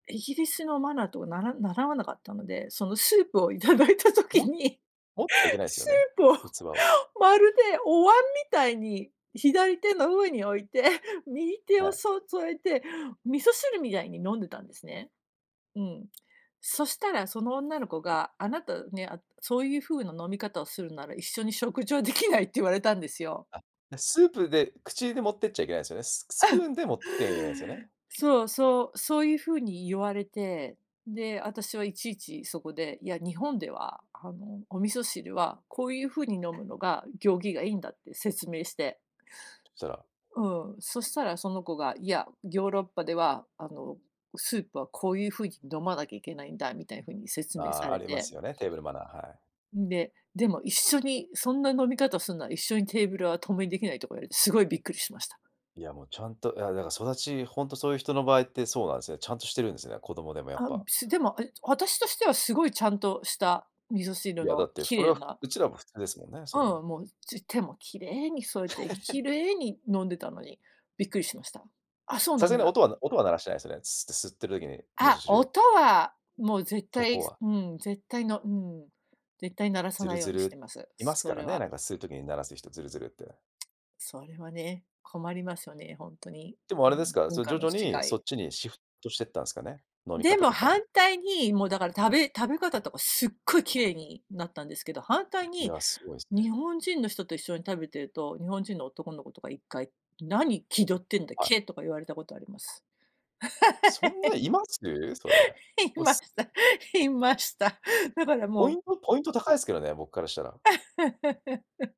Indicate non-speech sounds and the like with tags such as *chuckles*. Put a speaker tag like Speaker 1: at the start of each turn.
Speaker 1: イギリスのマナーとは、なら習わなかったので、そのスープを頂いた時
Speaker 2: も
Speaker 1: に、
Speaker 2: 持っちゃいけないですよ
Speaker 1: ス
Speaker 2: ね、
Speaker 1: ープを
Speaker 2: 器を。
Speaker 1: まるでお椀みたいに、左手の上に置いて、右手
Speaker 2: は
Speaker 1: を
Speaker 2: い。
Speaker 1: そ添えて、味噌汁みたいに飲んでたんですね。うん。そしたらその女の子が、あなたね、そういう風な飲み方をするなら一緒に食事はできないって言われたんですよ。
Speaker 2: あ、スープで口で持ってっちゃいけないんですよね。ススプー
Speaker 1: *chuckles*
Speaker 2: ンで持って *unintelligible* すよね。
Speaker 1: そうそうそういう風に言われて、で、私はいちいちそこで、いや、日本では、あの、お味噌汁は、こういうふうに飲むのが、行儀がいんだって説明して。
Speaker 2: そう。
Speaker 1: うん。そしたらその子が、いやヨーロッパではあの、スープはこういう風に飲まなきゃいけないんだみたいな風に説
Speaker 2: あ
Speaker 1: 明さ
Speaker 2: あ、あ
Speaker 1: れ
Speaker 2: りま
Speaker 1: て
Speaker 2: すよね、テーブルマナー、はい。
Speaker 1: んで、でも一緒にそんな飲み方するなら一緒にテーブルは共にできないとか言われて、すごいびっくりしました。
Speaker 2: いや、もうちゃんといやだから育ちほんとそういう人の場合ってそうなんですね。ちゃんとしてるんですよね、子供でもやっ
Speaker 1: あ、
Speaker 2: ぱ。
Speaker 1: すでも、あれ私としてはすごい、ちゃんとした味噌
Speaker 2: い
Speaker 1: 汁
Speaker 2: や、だ
Speaker 1: の
Speaker 2: って、
Speaker 1: き
Speaker 2: それ
Speaker 1: れい
Speaker 2: は
Speaker 1: な
Speaker 2: うちらも普通ですもんね、それ
Speaker 1: う
Speaker 2: は。
Speaker 1: ん、もう、つ手も綺麗に添えて綺
Speaker 2: *laughs*
Speaker 1: 麗に飲んでたのにびっくりしました。あ、そう
Speaker 2: さ
Speaker 1: な
Speaker 2: すが
Speaker 1: ん
Speaker 2: に
Speaker 1: だ。
Speaker 2: 音は音は鳴らしてないですよね、す吸ってる時に、味噌
Speaker 1: あ、
Speaker 2: 汁を。
Speaker 1: 音はもう絶
Speaker 2: そ
Speaker 1: 対
Speaker 2: こは。
Speaker 1: うん、絶対のうん、絶対鳴らさ
Speaker 2: ズル
Speaker 1: ないよう
Speaker 2: ズ
Speaker 1: にして
Speaker 2: ル
Speaker 1: ます、
Speaker 2: いますか
Speaker 1: そ
Speaker 2: ら
Speaker 1: れ
Speaker 2: ね、
Speaker 1: は。
Speaker 2: なんか吸う時に鳴らす人、ズルズルって。
Speaker 1: それはね、困りますよね、ほんとに、
Speaker 2: でもあ
Speaker 1: う
Speaker 2: れです
Speaker 1: ん、
Speaker 2: か、
Speaker 1: 文
Speaker 2: 徐
Speaker 1: 化の
Speaker 2: 々に
Speaker 1: 違
Speaker 2: そ
Speaker 1: い。
Speaker 2: っちにシフトしてったんですかね、飲み
Speaker 1: で
Speaker 2: 方
Speaker 1: も
Speaker 2: とか
Speaker 1: 反
Speaker 2: も。
Speaker 1: 対に、もうだから食べ食べ方とかすっごい綺麗になったんですけど、反対
Speaker 2: い
Speaker 1: に、
Speaker 2: や、すごいですね。
Speaker 1: 日本人の人と一緒に食べてると、日本人の男の子とか1回「何気取ってんだ、
Speaker 2: はい。
Speaker 1: け」とか言われたことあります。
Speaker 2: そんないます、それ。
Speaker 1: *laughs* 言い
Speaker 2: お
Speaker 1: ま
Speaker 2: す
Speaker 1: した、
Speaker 2: *unintelligible*
Speaker 1: 言いました。だからも
Speaker 2: ポイ
Speaker 1: う
Speaker 2: ントポイント高いですけどね、僕からしたら。
Speaker 1: *laughs*